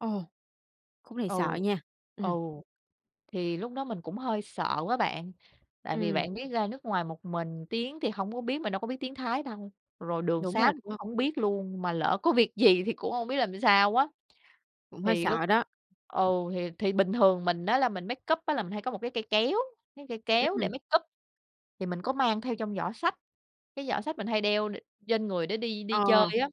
Ồ! Khúc này Ừ. sợ nha. Ừ. Ừm. Thì lúc đó mình cũng hơi sợ á bạn. Tại vì Ừm. bạn biết ra nước ngoài một mình tiếng thì hông có biết, mình đâu có biết tiếng Thái đâu, rồi đường Đúng sá rồi mình cũng đó. hổng biết luôn, mà lỡ có việc gì thì cũng hông biết làm sao á. Cũng hơi Thì lúc sợ đó. ừ, thì thì bình thường mình á là mình makeup á là mình hay có một cái cây kéo, cái cây kéo để Ừm. makeup, thì mình có mang theo trong giỏ xách, cái giỏ xách mình hay đeo đ trên người để đi đi chơi Ờ. á.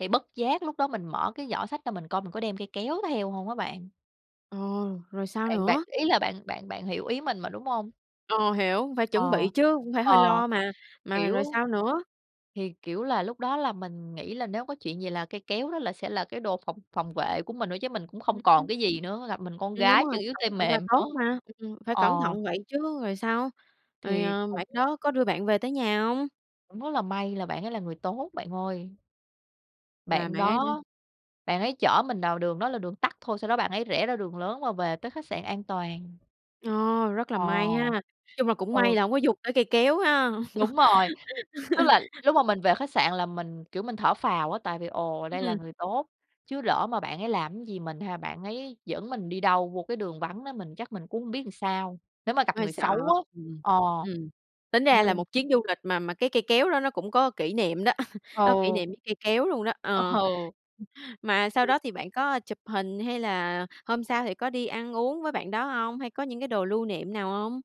Thì bất giác lúc đó mình mở cái giỏ xách ra mình coi mình có đem cây kéo theo hông á bạn. Ồ, rồi sao Bạn bạn nữa? ý là bạn bạn bạn hiểu ý mình mà, đúng hông? Ờ, hiểu, phải chuẩn bị Ờ. chứ, cũng phải hơi Ờ. lo mà. Mà Kiểu rồi sao nữa? thì, kiểu là, lúc đó là mình nghĩ là nếu có chuyện gì là cây kéo đó là sẽ là cái đồ phòng phòng vệ của mình thôi chứ mình cũng không còn [unintelligible] cái gì nữa, gặp mình con Ừm, đúng gái rồi, chân yếu tay cẩn thận mềm là tốt nữa. mà. Ừm, ừm, phải Ờ. cẩn thận vậy chứ. Rồi sao? Rồi, Thì à, cũng bạn đó có đưa bạn về tới nhà hông? cũng rất là may là bạn ấy là người tốt bạn ơi. Là Bạn bạn ấy đã đó, bạn ấy chở mình đào đường đó là đường tắt thôi, sau đó bạn ấy rẽ ra đường lớn và về tới khách sạn an toàn. Ồ, rất là Ờ. may ha. Chung là cũng may Ừ. là hông có dùng tới cây kéo ha. Đúng rồi. Tức là lúc mà mình về khách sạn là mình, kiểu, mình thở phào á, tại vì ồ đây là Ừm. người tốt. Chứ lỡ mà bạn ấy làm cái gì mình ha, bạn ấy dẫn mình đi đâu vô cái đường vắng nó, mình chắc mình cũng không biết làm sao, nếu mà gặp Cũng hơi người sợ. xấu á. Ừm. Ờ. Ừm. Tính ra Nên là một chuyến du lịch mà mà cái cây kéo đó nó cũng có kỷ niệm đó, có kỷ Ừ. niệm với cây kéo luôn đó, Ơ ờ. hừ. Mà sau đó thì bạn có, ơ, chụp hình hay là hôm sau thì có đi ăn uống với bạn đó hông, hay có những cái đồ lưu niệm nào hông?